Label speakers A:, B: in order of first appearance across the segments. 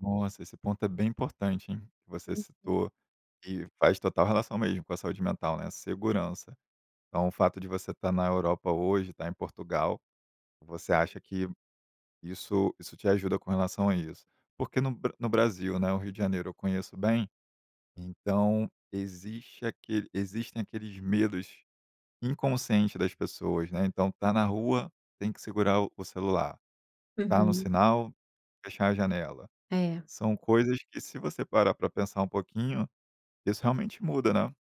A: Nossa, esse ponto é bem importante, hein, você
B: Uhum.
A: citou e faz total relação mesmo com a saúde mental, né. Segurança, então o fato de você estar na Europa hoje, estar em Portugal, você acha que isso isso te ajuda com relação a isso? Porque no Bra no Brasil, né, o Rio de Janeiro eu conheço bem, então existem aquele existe aqueles medos inconscientes das pessoas, né. Então está na rua, tem que segurar o celular, está no
B: Uhum.
A: sinal, fechar a janela.
B: É.
A: São coisas que se você parar para pensar um pouquinho, isso realmente muda, né,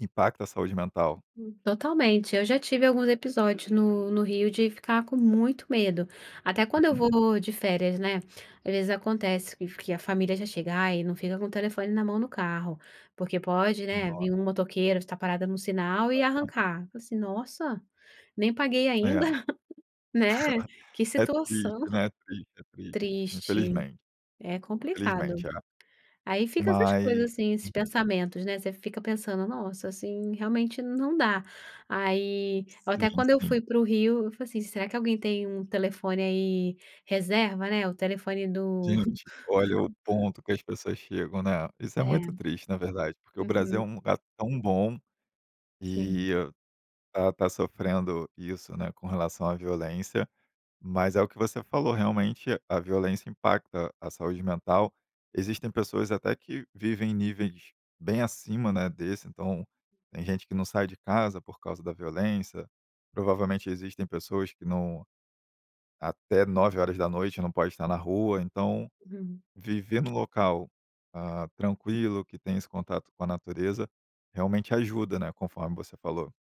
A: impacta a saúde mental.
B: Totalmente, eu já tive alguns episódios no no Rio de ficar com muito medo, até quando eu
A: Uhum.
B: vou de férias, né. Às vezes acontece que que a família já chegar e não fica com o telefone na mão no carro, porque pode, né,
A: Nossa.
B: vir um motoqueiro, estar parada no sinal e
A: Uhum.
B: arrancar, assim, “Nossa, nem paguei
A: É.
B: ainda", né, que
A: É
B: situação.
A: triste, né, é triste, é triste
B: Triste,
A: infelizmente,
B: é complicado.
A: infelizmente é,
B: Aí fica essas
A: mas
B: coisas assim, esses
A: Uhum.
B: pensamentos, né, você fica pensando: “Nossa, assim realmente não dá”, aí eu até
A: Sim,
B: quando eu
A: sim.
B: fui pro Rio eu falei, assim: “Será que alguém tem um telefone aí reserva, né?" O telefone do
A: Gente, olha o ponto que as pessoas chegam, né, isso é
B: É.
A: muito triste, na verdade. Porque o Brasil é
B: Uhum.
A: um lugar tão bom
B: Hum.
A: e está está sofrendo isso, né, com relação à violência, mas é o que você falou, realmente a violência impacta a saúde mental. Existem pessoas até que vivem em níveis bem acima, né, desse, então, tem gente que não sai de casa por causa da violência, provavelmente existem pessoas que não até 21h não pode estar na rua, então,
B: Uhum.
A: viver no local, hã, tranquilo, que tem esse contato com a natureza, realmente ajuda, né, conforme você falou.